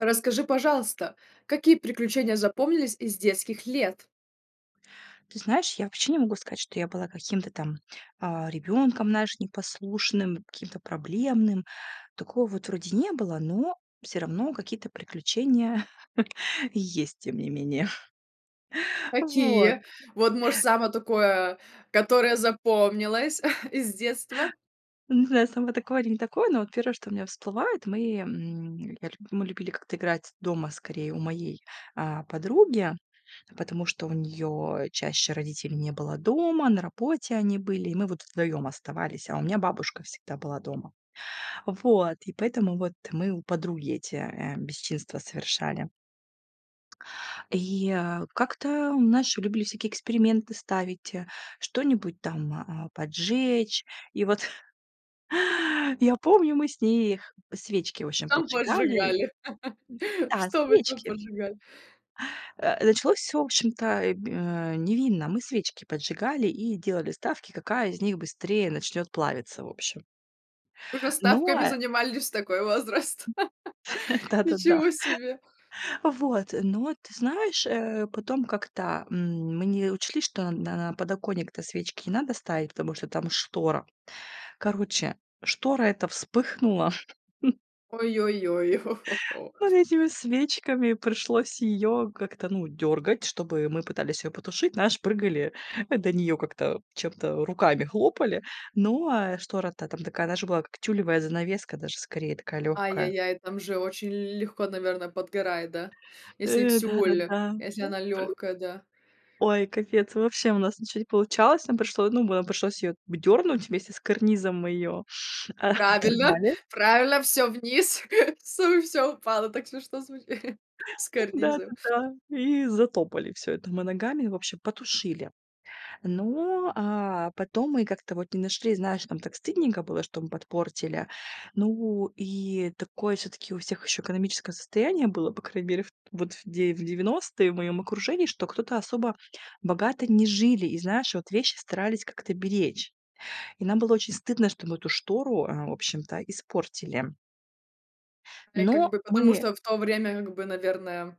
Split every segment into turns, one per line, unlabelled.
Расскажи, пожалуйста, какие приключения запомнились из детских лет?
Ты знаешь, я вообще не могу сказать, что я была каким-то там, а, ребенком, знаешь, непослушным, каким-то проблемным. Такого вот вроде не было, но всё равно какие-то приключения есть, тем не менее. Вот.
Какие? Вот, может, самое такое, которое запомнилось из детства?
Не знаю, сама такое или не такое, но вот 1, что у меня всплывает, мы, м, я лю мы любили как-то играть дома, скорее, у моей, э, подруги, потому что у неё чаще родителей не было дома, на работе они были, и мы вот вдвоём оставались, а у меня бабушка всегда была дома. Вот, и поэтому вот мы у подруги эти, э, бесчинства совершали. И, э, как-то у нас ещё любили всякие эксперименты ставить, э, что-нибудь там, а, поджечь. И вот. Я помню, мы с ней их свечки, в общем,
Там
поджигали.
поджигали.
Да,
Что вы там
свечки.
поджигали?
Э, началось всё, вощем-то, э, г, э, невинно. Мы свечки поджигали и делали ставки, какая из них быстрее начнёт плавиться, в общем.
Уже
Но,
ставками
э
занимались в такой возраст.
Да-да-да.
Ничего себе!
Вот, но ты знаешь, э, потом как-то, м, мы не учли, что на на подоконник-то свечки не надо ставить, потому что там штора. Короче, штора эта вспыхнула.
Ой-ой-ой, хо-хо-хо.
Вот этими свечками пришлось ее как-то, ну, дёргать, чтобы мы пытались ее потушить. Знаешь, прыгали до нее как-то, чем-то, руками хлопали. Ну, а штора то там такая, знаешь, была, как тюлевая занавеска даже скорее, такая легкая.
Ай-яй-яй, там же очень л легко, наверно, подгорает, да? Если
Э,
тюль,
да-да-да.
если
Вот
она
пры
легкая, да?
Ой, капец вообще, у нас ничего не получалось. Нам пришло ну нам пришлось ее в дернуть вместе с карнизом, мы ее, а, о
Правильно,
оторвали.
правильно, всё вниз, всё всё упало. Так смешно звучит с карнизов.
Да-да-да. И затопали всё это мы ногами, в общем потушили. Ну, а потом мы как-то вот не нашли, знаешь, нам так стыдненько было, что мы подпортили. Ну, и такое всё-таки у всех еще экономическое состояние было, по крайней мере, в вот в девя девяностые в моем окружении, что кто-то особо богато не жили. И знаешь, вот вещи старались как-то беречь. И нам было очень стыдно, что мы эту штору, а, в общем-то испортили.
Да, и как
Но
бы потому,
мы
что в то время, как бы, наверное,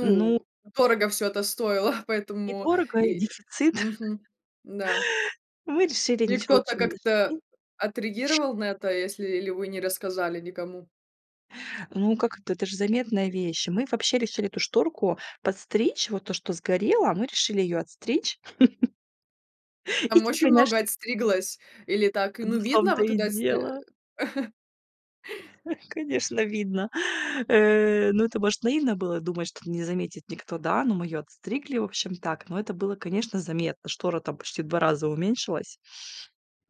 Ну
дорого всё это стоило,
И
поэтому
дорого,
и
и
э,
дефицит.
мгм, да.
Мы решили,
И
ничего
кто-то
лучшего не
как-то
нашли
отреагировал на это, если ли вы не рассказали никому?
Ну, как это, это же заметная вещь. Мы вообще решили эту шторку подстричь, вот то, что сгорело, мы решили её отстричь. И
Там
ты.
очень много
[unintelligible]
отстриглось или так,
Ну,
ну,
в
видно
том-то
вот
и
туда сь, э?
дело. Ну, конечно видно, э, ну, это может наивно было думать, что не заметит никто, да, но мы её отстригли, в общем так, но это было, конечно, заметно. Штора там почти в 2 раза уменьшилась.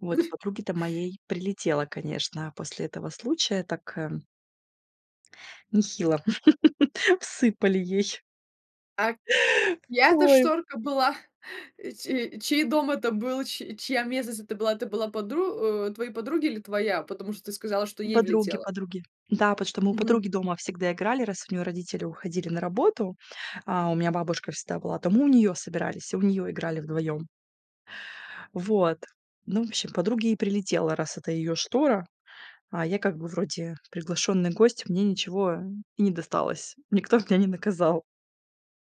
Вот, подруге-то моей прилетело, конечно, после этого случая, так, э. Нехило всыпали ей.
А чья это
Ой.
шторка была? Че чей дом это был, чь чья местность это была, это была подру о, твоей подруги или твоя, потому что ты сказала, что ей
Подруги,
влетело?
подруги. Да, потому что мы у
Мгм.
подруги дома всегда играли, раз у нее родители уходили на работу. А, у меня бабушка всегда была, то мы у нее собирались, у нее играли вдвоем. Вот. Ну, в общем, подруге и прилетело, раз это её штора. А я как бы вроде приглашённый гость, мне ничего и не досталось. Никто бы меня не наказал.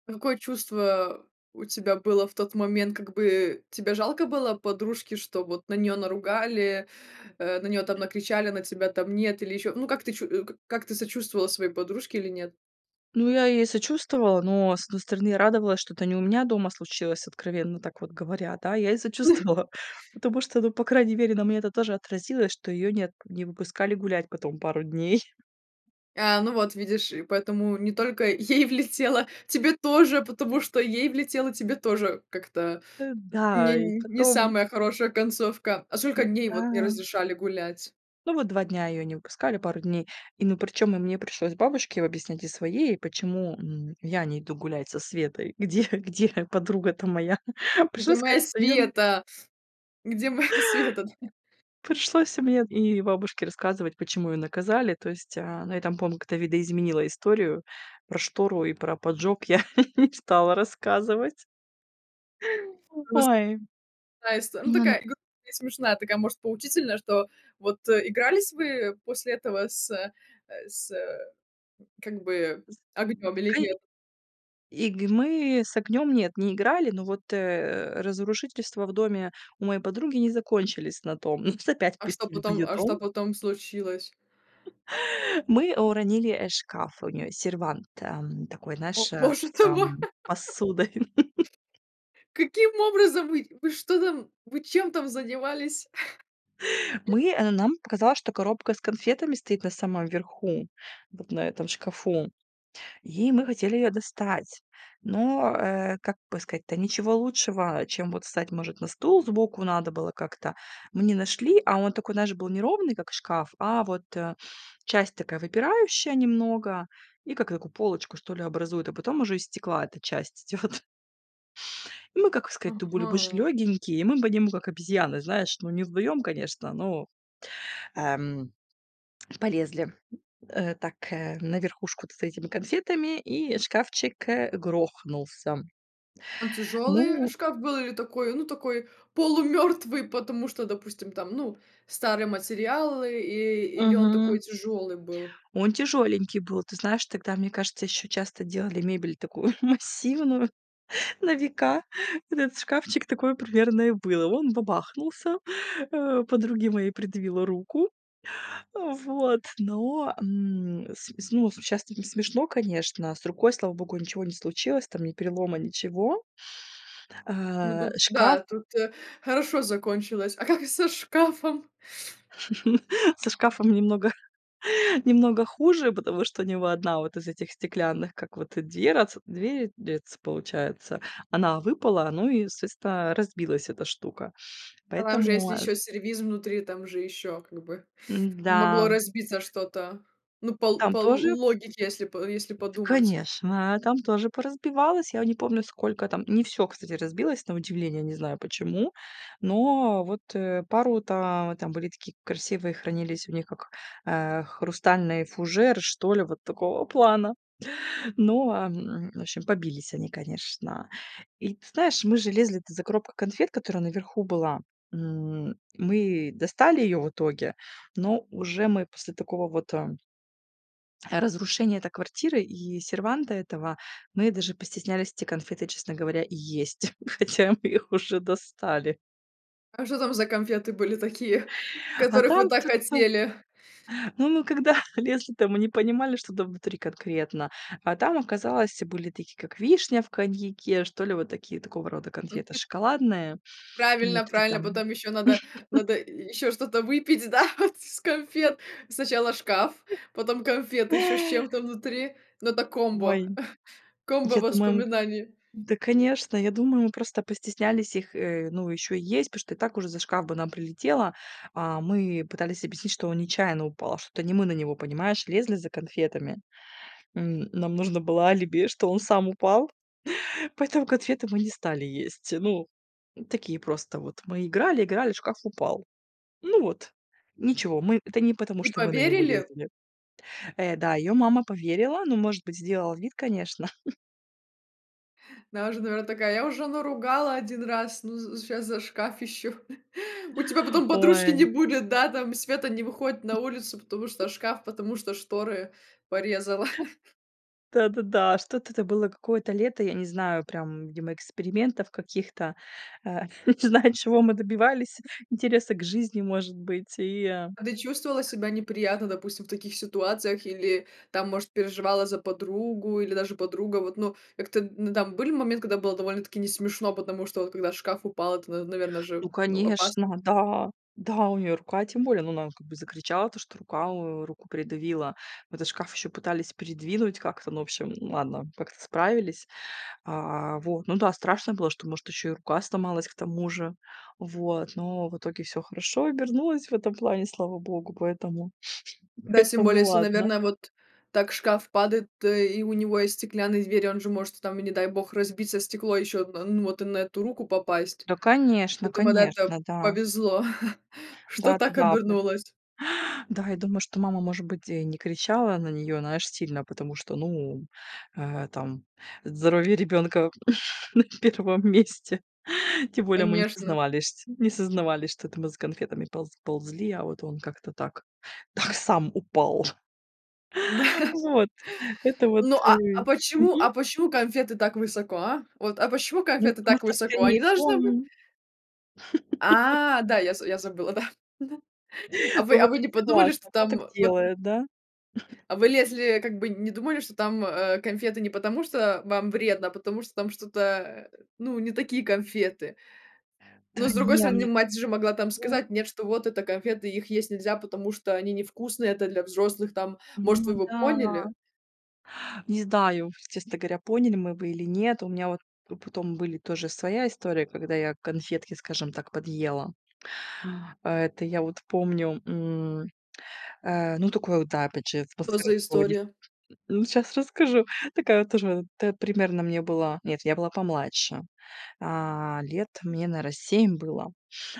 Какое чувство у тебя было в тот момент? Как бы тебе жалко было подружки, что вот на неё наругали, э, на неё там накричали, на тебя там нет или ещё? Ну, как ты чу как ты сочувствовала своей подружке или нет?
Ну, я ей сочувствовала, но, с одной стороны, радовалась, что это не у меня дома случилось, откровенно так вот говоря, да. Я ей сочувствовала, потому что, ну, по крайней мере, на мне это тоже отразилось, что ее нет не выпускали гулять потом пару дней.
А, ну вот видишь, и поэтому не только ей влетело, тебе тоже, потому что "ей влетело, тебе тоже"- как-то
Э,
не
да, и
не
потом
самая хорошая концовка. А сколько дней вот не
Да.
разрешали гулять?
Ну вот 2 дня ее не выпускали, пару дней. И, ну, причем и мне пришлось бабушке объяснять, и своей, и почему, м, я не иду гулять со Светой, где где подруга-то моя.
Где
Пришлось
моя
сказать, что ее н
Света? Где моя Света, да?
Пришлось мне и бабушке рассказывать, почему её наказали, то есть, э, ну, я там помню, как-то видоизменила историю. Про штору и про поджог я не стала рассказывать.
Просто
Ой.
такая ист ну,
Ну да.
такая: и гру и смешная, такая, может, поучительная, что вот Игрались вы после этого с э, с как бы
З
огнем или
к
нет?
И г мы с огнем- нет, не играли, но вот, э, разрушительства в доме у моей подруги не закончились на том. Нас опять
А что
пустили в
потом
её
а что
дом.
потом случилось?
Мы уронили, э, шкаф у неё. Сервант, эм, такой,
О,
знаешь, э,
боже
с,
ты мой!
эм, посудой.
Каким образом вы вы что там вы чем там занимались?
Мы, э, нам показалось, что коробка с конфетами стоит на самом верху, вот на этом шкафу, и мы хотели её достать. Но, э, как бы сказать-то, ничего лучшего, чем вот встать, может, на стул сбоку надо было как-то, мы не нашли, а он такой, знаешь, был неровный, как шкаф, а вот, э, часть такая выпирающая немного и как такую полочку, что ли, образует, а потом уже из стекла эта часть идет. Мы, как сказать-то, были мы ж
Ага.
лёгонькие, и мы по нему, как обезьяны, знаешь. Ну, не вдвоем, конечно, но, эм, полезли, э, так, э, на верхушку-то за этими конфетами, и шкафчик, э, грохнулся.
Он тяжёлый
Ну
шкаф был или такой, ну, такой полумёртвый, потому что, допустим, там, ну, старый материал, и или он
Мгм.
такой тяжёлый был?
Он тяжёленький был. Ты знаешь, тогда, мне кажется, еще часто делали мебель такую массивную, на века. Этот шкафчик- такое примерно и было. Он бабахнулся, э, подруге моей придавило руку. Вот. Но, м, с с ну, сейчас-то это смешно, конечно, а. С рукой, слава богу, ничего не случилось там, ни перелома, ничего.
Ну,
Э,
тут,
шкаф
да, тут, э, хорошо закончилось. А как со шкафом?
Со шкафом немного немного хуже, потому что у него 1 вот из этих стеклянных, как вот, э, дверац дверец дверец, получается, она выпала, ну и, соответственно, разбилась эта штука.
Там же
Поэтому,
если
э
еще сервиз внутри, там же еще как бы могло
М-да.
разбиться что-то, ну, по ло
Там
по
тоже
логике, если по если
Да,
подумать.
конечно, там тоже поразбивалось, я не помню, сколько там Не всё, кстати, разбилось, на удивление, не знаю почему. Но вот, э, пару там там были такие красивые, хранились у них как, э, хрустальный фужер, что ли, вот такого плана. Ну, а, в общем, побились они, конечно. И ты знаешь, мы же лезли-то за коробкой конфет, которая наверху была, м. Мы достали ее в итоге, но уже мы после такого вот, э разрушения это квартиры и серванта этого, мы даже постеснялись эти конфеты, честно говоря, и есть. Хотя мы их уже достали.
А что там за конфеты были такие,
А
которых
там
вы так
чёт там.
хотели?
Ну, мы когда лезли, то мы не понимали, что там внутри конкретно. А там оказалось были такие, как вишня в коньяке, что ли вот такие, такого рода
Мгм.
конфеты шоколадные
Правильно,
внутри
правильно.
там.
Потом ещё надо надо й ещё что-то выпить, да, вот из конфет? Сначала шкаф, потом конфеты, ещё с чем-то внутри. Ну это комбо.
Ой. Я думаю
Комбо-воспоминаний.
да, конечно, я думаю, мы просто постеснялись их, э, ну, ещё есть, потому что и так уже за шкаф бы нам прилетело. А, мы пытались объяснить, что он нечаянно упал, что это не мы на него, понимаешь, лезли за конфетами. М, нам нужно было алиби, что он сам упал, поэтому конфеты мы не стали есть. Ну, такие просто вот мы играли, играли, шкаф упал. Ну вот, ничего, мы это не потому,
И
что мы на него
поверили?
лезли. Э, да, её мама поверила, ну, может быть, сделала вид, конечно.
Она уже, наверное, такая: я уже, наверное, ругала 1 раз, но з сейчас за шкаф еще. У тебя потом подружки
Ой!
не будет, да, там, Света не выходит на улицу, потому что шкаф, потому что шторы порезала.
Да, да, да. Что-то это было какое-то лето, я не знаю прям, видимо, экспериментов каких-то, а. Не знаю, чего мы добивались, интереса к жизни, может быть и, э.
А ты чувствовала себя неприятно, допустим, в таких ситуациях или, там, может, переживала за подругу или даже подруга, вот, ну, как-то, ну, там были моменты, когда было довольно-таки не смешно, потому что вот когда шкаф упал, это, н наверное
Ну
же, ну, опасно.
конечно, да, да у нее рука тем более, ну, она как бы закричала, то что рука руку придавила в этот шкаф, еще пытались придвинуть как-то, ну в общем ладно, как-то справились. А вот, ну да, страшно было, что может еще и рука сломалась к тому же, вот, но в итоге всё хорошо обернулось в этом плане, слава богу, поэтому
Да, тем
поэтому
более, если,
ладно.
наверное, вот так шкаф падает, то, э, и у него есть стеклянные двери, он же может, там, и не дай бог, разбиться стекло, ещё од ну, вот и на эту руку попасть.
Да, конечно,
Поэтому она это
конечно, да.
повезло, что
Да,
так
да, да.
обернулось.
Да, я думаю, что мама, может быть, и не кричала на неё, знаешь сильно, потому что, ну, э, там, здоровье ребенка на 1 месте. Тем более, мы не
Конечно.
сознавались шть не сознавались, что это мы за конфетами полз ползли, а вот он как-то так так сам упал.
Да.
Вот, это вот
Ну, а, а
и
почему,
мгм.
а почему конфеты так высоко, а? Вот, а почему
Ну,
конфеты
потому
так
что
высоко? Они
скорее пол,
должны быть
м.
А, да, я з я забыла да. Да. А вы
Ну, в
а вы не
общем,
подумали что
согласна, кто так
там вот
делает, да?
А вы лезли, как бы не думали, что там, а, конфеты не потому, что вам вредно, а потому что там что-то, ну, не такие конфеты.
Да,
Но, с другой
не,
стороны, мать же могла, там,
мне.
сказать нет, что вот это конфеты, их есть нельзя, потому что они невкусные, это для взрослых, там,
М,
может,
ну
вы бы
да.
поняли.
Не знаю, честно говоря, поняли мы бы или нет. У меня вот п потом были тоже своя история, когда я конфетки, скажем так, подъела. А это я вот помню, м. Э, ну, такое вот, да, опять же,
Что
атмосфера
за
такого дефи.
история?
[unintelligible] Ну, сейчас расскажу. Такая вот тоже, это примерно мне было Нет, я была помладше. А. Лет мне, наверное, 7 было.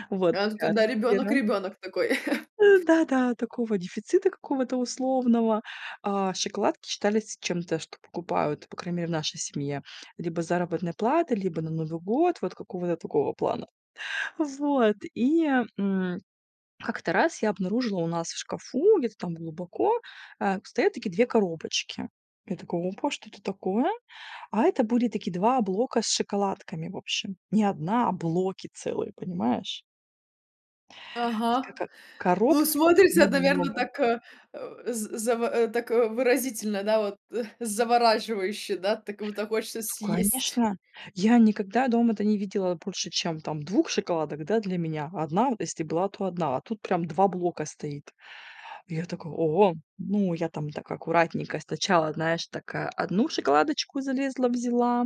Вот
А, ну, тут ты,
такая
да, ребёнок
атмосфера.
ребёнок такой.
Да-да, такого дефицита какого-то условного. А, шоколадки считались чем-то, что покупают, по крайней мере, в нашей семье. Либо с заработной платы, либо на Новый год. Вот какого-то такого плана. Вот. И, м, как-то раз я обнаружила у нас в шкафу, где-то там глубоко, а, стоят такие 2 коробочки. Я такая: опа, что это такое? А это были такие 2 блока с шоколадками, в общем. Не 1, а блоки целые, понимаешь? И
Ага.
скака
Ну,
коробка, в которой
смотрится, наверное,
много-много.
так, э, з заво так выразительно, да, вот, э, завораживающе, да? Так вот так хочется съесть.
Конечно, я никогда дома это не видела больше, чем там 2 шоколадок, да, для меня. 1 вот если была, то одна, а тут прям 2 блока стоит. Я такая: о! Ну, я там так аккуратненько сначала, знаешь, такая 1 шоколадочку залезла, взяла.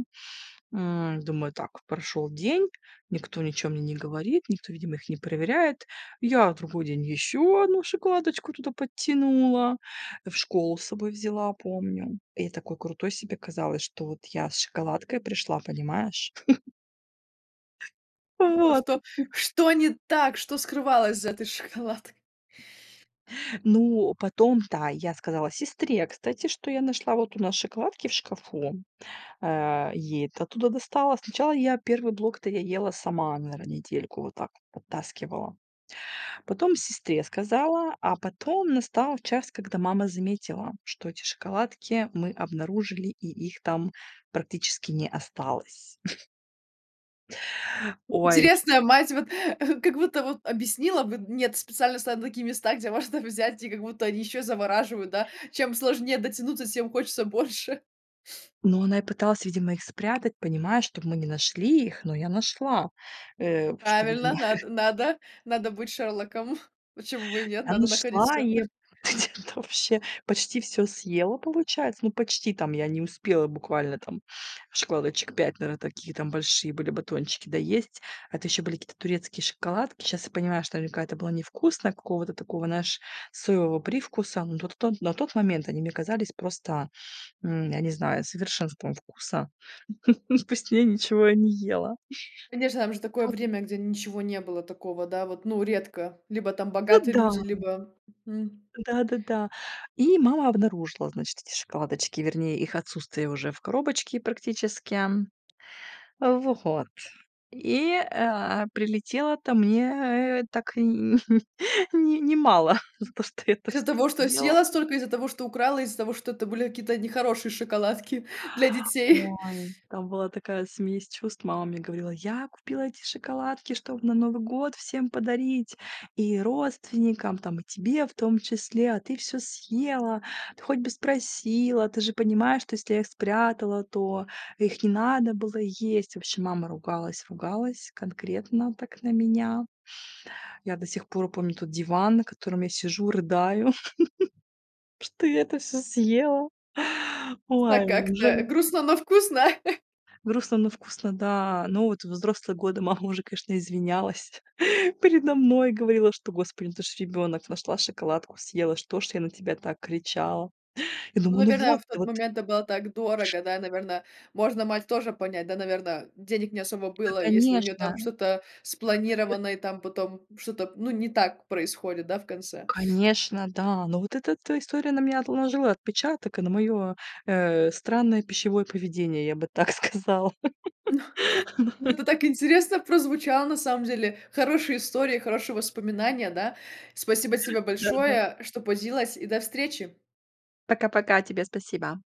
М. Думаю, так прошёл день, никто ничего мне не говорит, никто, видимо, их не проверяет. Я в другой день ещё 1 шоколадочку туда подтянула, в школу с собой взяла, помню. И такой крутой себе казалось, что вот я с шоколадкой пришла, понимаешь?
Думала:
Вот.
"Что, что не так, что скрывалось за этой шоколадкой?"
Ну, потом, да, я сказала сестре, кстати, что я нашла вот у нас шоколадки в шкафу, э, ей это оттуда достала. Сначала, я 1 блок-то я ела сама, наверное, недельку вот так вот подтаскивала. Потом сестре сказала, а потом настал час, когда мама заметила, что эти шоколадки мы обнаружили, и их там практически не осталось. Ой.
Интересная мать, вот, а, как будто вот объяснила бы, нет специально ставят на такие места, где можно взять и как будто они еще завораживают, да? Чем сложнее дотянуться, тем хочется больше.
Ну, она и пыталась, видимо, их спрятать, понимаешь, чтобы мы не нашли их, но я нашла. Э, что видимо
Правильно, над надо надо быть Шерлоком. Почему бы и нет?
Я
Надо находить
нашла
всё.
и где-то вообще почти всё съела, получается. Ну, почти, там, я не успела буквально, там, шоколадочек 5, наверное, такие, там, большие были батончики доесть. Это еще были какие-то турецкие шоколадки. Сейчас я понимаю, что наверняка это было невкусно, какого-то такого, знаешь, соевого привкуса. Но на тон на тот момент они мне казались просто, м, я не знаю, совершенством вкуса. Ну, вкусней ничего я не ела.
Конечно, там же такое время, где ничего не было такого, да, вот, ну, редко. Либо, там,
А,
богатые
да.
люди, либо, м.
Да, да, да. И мама обнаружила, значит, эти шоколадочки, вернее, их отсутствие уже в коробочке, практически. Во от, и, э, прилетело-то мне так и н не не мало за то, что я это
Из-за
всё
того, что
съела.
съела столько и из-за того, что украла, и из-за того, что это были какие-то нехорошие шоколадки для детей.
Ой! Там была такая смесь чувств! Мама мне говорила: "Я купила эти шоколадки, чтобы на Новый год всем подарить! И родственникам, там, и тебе в том числе, а ты всё съела, ты хоть бы спросила, ты же понимаешь, что если я их спрятала, то их не надо было есть". В общем, мама ругалась, ругалась конкретно так на меня. Я до сих пор помню тот диван, на котором я сижу, рыдаю, что я это все съела.
Но
Ой, ну уже.
как-то, грустно, но вкусно.
Грустно, но вкусно, да. Ну, вот во взрослые годы мама уже, конечно, извинялась передо мной. Говорила, что: "Господи, ну, это ж ребенок, нашла шоколадку, съела. Что ж я на тебя так кричала?" Я
Ну,
думаю, ну,
наверное,
вот,
в тот
вот.
момент это было так
Ш.
дорого, да? Наверно, можно мать тоже понять, да? Наверно, денег не особо
Да,
было, если у нее, там,
конечно.
что-то спланировано, и, там, потом что-то, ну, не так происходит, да, в конце?
Конечно, да. Ну, вот эта-то история на меня отложила отпечаток и на мое, э, странное пищевое поведение, я бы так сказала.
Ну ну, это так интересно прозвучало, на самом деле! Хорошая история, хорошие воспоминания, да? Спасибо тебе
Да, да.
большое, что поделилась, и до встречи!
Пока-пока, тебе спасибо.